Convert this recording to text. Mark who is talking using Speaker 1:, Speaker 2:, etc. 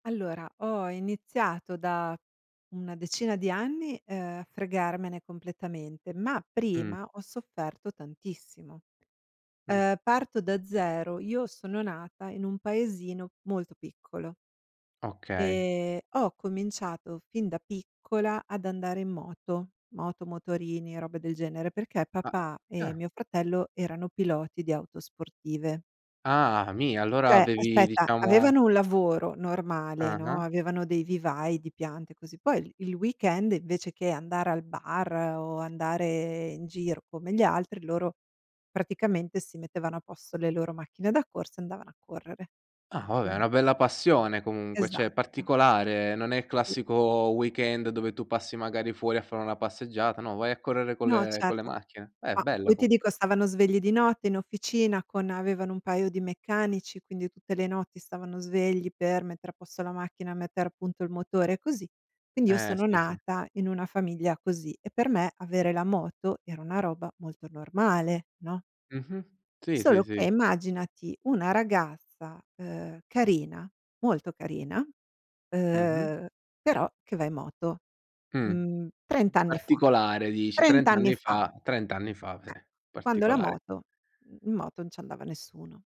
Speaker 1: Allora, ho iniziato da una decina di anni, uhm, a fregarmene completamente, ma
Speaker 2: Mh.
Speaker 1: prima ho sofferto tantissimo.
Speaker 2: Mh.
Speaker 1: Ehm, parto da zero, io sono nata in un paesino molto piccolo
Speaker 2: Okay.
Speaker 1: ehm, ho cominciato fin da piccola ad andare in moto, moto, motorini, robe del genere, perché
Speaker 2: A a
Speaker 1: papà e
Speaker 2: ah!
Speaker 1: mio fratello erano piloti di auto sportive.
Speaker 2: Ah, mi allora
Speaker 1: Cioè,
Speaker 2: avevi,
Speaker 1: aspetta,
Speaker 2: diciamo
Speaker 1: avevano un lavoro normale, no,
Speaker 2: Ah-ah.
Speaker 1: avevano dei vivai, di piante, così. Poi il il weekend, invece che andare al bar o andare in giro come gli altri, loro praticamente si mettevano a posto le loro macchine da corsa e andavano a correre.
Speaker 2: Ah, vabbè, è
Speaker 1: Quindi
Speaker 2: una bella passione, comunque, cioè è
Speaker 1: Esatto.
Speaker 2: particolare, non è il
Speaker 1: Sì.
Speaker 2: classico weekend dove tu passi magari fuori a fare una passeggiata, no, vai a correre con
Speaker 1: No,
Speaker 2: le con le
Speaker 1: certo.
Speaker 2: macchine. Eh!
Speaker 1: Ma
Speaker 2: Bello,
Speaker 1: poi ti
Speaker 2: comunque.
Speaker 1: dico, stavano svegli di notte in officina con avevano un paio di meccanici, quindi tutte le notti stavano svegli per mettere a posto la macchina, mettere appunto il motore, e così. Quindi, io
Speaker 2: Eh,
Speaker 1: sono
Speaker 2: sì, sì.
Speaker 1: nata in una famiglia così e per me avere la moto era una roba molto normale, no?
Speaker 2: Mh-mh. Sì, sì,
Speaker 1: Solo che,
Speaker 2: sì.
Speaker 1: immaginati una ragazza, uhm, carina, molto carina,
Speaker 2: Mh-mh.
Speaker 1: uhm, però che va in moto,
Speaker 2: Mh.
Speaker 1: mhmm, 30 anni fa,
Speaker 2: Particolare, dici,
Speaker 1: 30
Speaker 2: 30
Speaker 1: anni
Speaker 2: anni
Speaker 1: fa!
Speaker 2: fa 30 anni fa,
Speaker 1: Eh,
Speaker 2: eh!
Speaker 1: quando la
Speaker 2: Particolare.
Speaker 1: moto mhmm, in moto non ci andava nessuno.